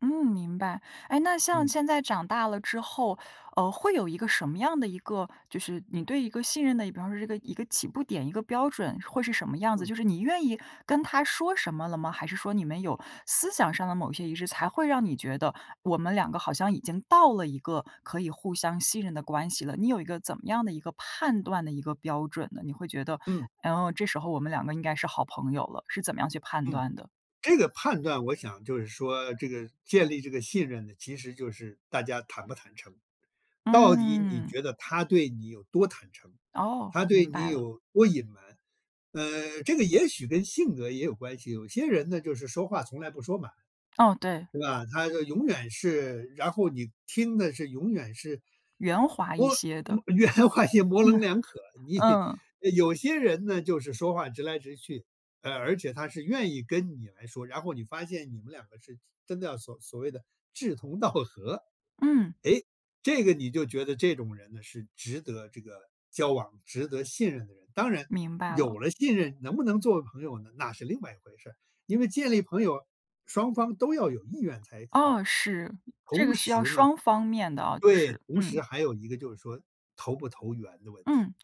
嗯，明白。哎，那像嗯。现在长大了之后，呃，会有一个什么样的一个就是你对一个信任的比方是这个一个起步点、一个标准，会是什么样子？嗯。就是你愿意跟他说什么了吗？还是说，你们有思想上的某些仪式，才会让你觉得：“我们两个好像已经到了一个可以互相信任的关系了。”你有一个怎么样的一个判断的一个标准呢？你会觉得：嗯。“嗯，这时候我们两个应该是好朋友了。”是怎么样去判嗯，断的？这个判断，我想就是说，这个建立这个信任呢，其实就是大家坦不坦诚。到底你嗯。觉得他对你有多坦诚，哦，他对明你白了。有多隐瞒，呃，这个也许跟性格也有关系，有些人呢，就是说话从来不说满。哦，对。对吧，他这永远是然后你听的是，永远是圆滑一我些嗯，的。圆滑也模嗯，棱 两可，你嗯。呃，有些人呢，就是说话直来直去，啊，而且他是愿意跟你来说，然后你发现你们两个是是真的要所所谓的志同道合。嗯。诶，这个你就觉得这种人呢，是值得这个交往、值得信任的人。当然，明白有了。了信任，能不能作为朋友呢？那是另外一回事儿。因为建立朋友，双方都要有意愿才哦，好。是。这同个需要时呢双方面的啊，就对，是，同时嗯。还有一个，就是说投不投缘的问题，嗯。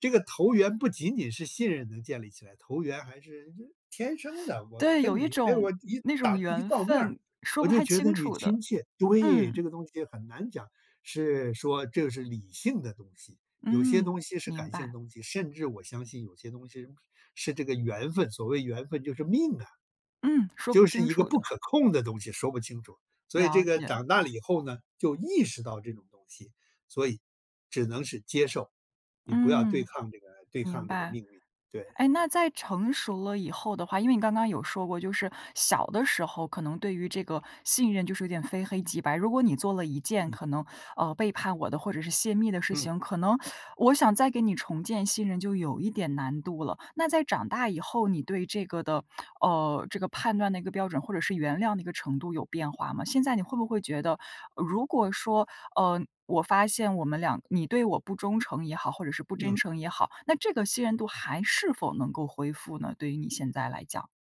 这个投缘不仅仅是信任能建立起来，投缘还是这天生的。我对，有跟一你，哎，种我一那种打一缘照面儿，分，说我不就太觉得清你楚的，亲切。对，嗯。这个东西很难讲。是，说这个是理性的东西，有些嗯，东西是明感性的白。东西，甚至我相信有些东西是这个缘分，所谓缘分就是命啊，嗯，说不就是清一个楚不的。可控的东西，说不清楚。所以这了个解。长大了以后呢，就意识到这种东西，所以只能是接受，你不要对嗯，抗这个对明抗这个白。命运，对。哎，那在成熟了以后的话，因为你刚刚有说过，就是小的时候，可能对于这个信任，就是有点非黑即白。如果你做了一件嗯。可能，呃，背叛我的，或者是泄密的事嗯。情，可能 我想再给你重建信任，就有一点难度了。那在长大以后，你对这个的呃，这个判断的一个标准，或者是原谅的一个程度，有变化吗？现在你会不会觉得，呃，如果说，呃，我发现我们俩你对我不忠诚也好，或者是不真嗯。诚也好，那这个信任度，还是否能够恢复呢？对于你现在来讲？